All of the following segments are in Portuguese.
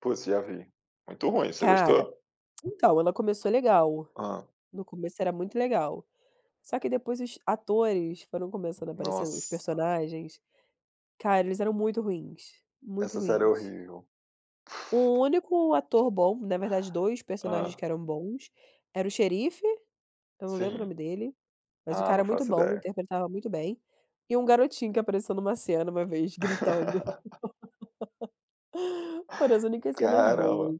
Pô sim, já vi. Muito ruim, você Cara, gostou? então ela começou legal, Hã. no começo era muito legal. Só que depois os atores foram começando a aparecer os Nossa. personagens, cara eles eram muito ruins, muito Essa série é ruins. horrível. O único ator bom, na verdade 2 Hã. personagens que eram bons, era o xerife, eu não lembro o Sim. nome dele, mas o Ah, não cara é muito faço bom ideia. interpretava muito bem, e um garotinho que apareceu em uma cena uma vez gritando. Foram as únicas cenas Caramba. boas.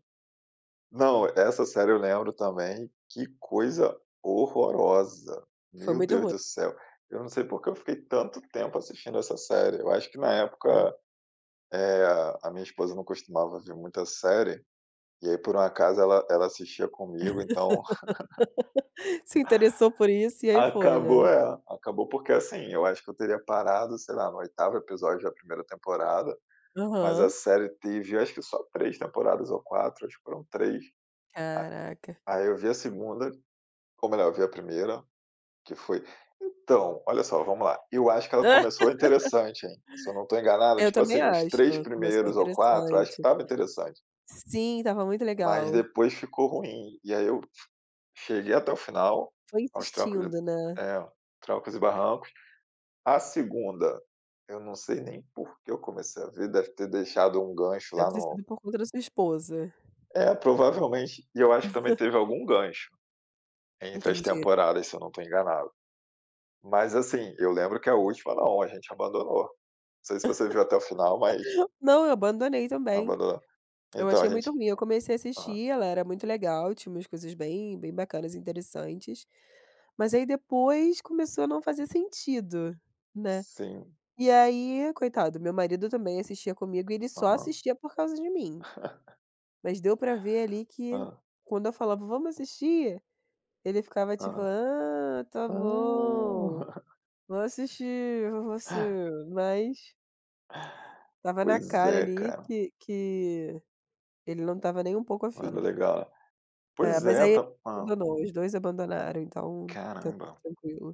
Não, essa série eu lembro também, que coisa horrorosa, Foi meu muito Deus ruim. do céu, eu não sei porque eu fiquei tanto tempo assistindo essa série, eu acho que na época, É. eh, a minha esposa não costumava ver muita série, e aí por um acaso ela ela assistia comigo então Se interessou por isso e aí foi, né. acabou é, acabou, porque assim, eu acho que eu teria parado sei lá no 8º episódio da 1º temporada, mas a Aham. série teve acho que só 3 temporadas ou 4, acho que foram 3. Caraca. A aí eu vi a 2º, ou melhor eu vi a 1º, que foi então, olha só vamos lá, eu acho que ela começou interessante hein, se eu não estou enganado, Eu tipo também assim, os acho, 3 começou primeiros ou 4 eu acho que interessante. estava interessante. Sim, estava muito Mas legal. depois ficou ruim, e aí eu f cheguei até o final, Foi aos trancos de insistindo, né. é, trancos e barrancos. A 2º, eu não sei nem porque eu comecei a ver, deve ter deixado um gancho Deve lá ter no sido por conta da sua esposa. É, provavelmente, e eu acho que também teve algum gancho, entre as Entendi. temporadas se eu não estou enganado. Mas assim, eu lembro que a última não, a gente abandonou. Não sei se você viu até o final mas Não eu abandonei também. abandonou. Eu Então a achei gente muito ruim, eu comecei a aham. assistir ela era muito legal, tinha umas coisas bem, bem bacanas e interessantes. Mas aí depois começou a não fazer sentido, né, Sim. e aí, coitado, meu marido também assistia comigo e ele só Aham. assistia por causa de mim. Mas deu para ver ali que, Hã. quando eu falava: "Vamos assistir?", ele ficava tipo: Aham. "Ah, está Ah. bom, vamos assistir [unintelligible] Hã. você" mas estava na Pois cara é ali cara. que que, ele não estava nem um pouco Não era afim. legal. É, Pois mas é, aí ele tá hã. abandonou, os 2 abandonaram então, está tudo Caramba. tranquilo.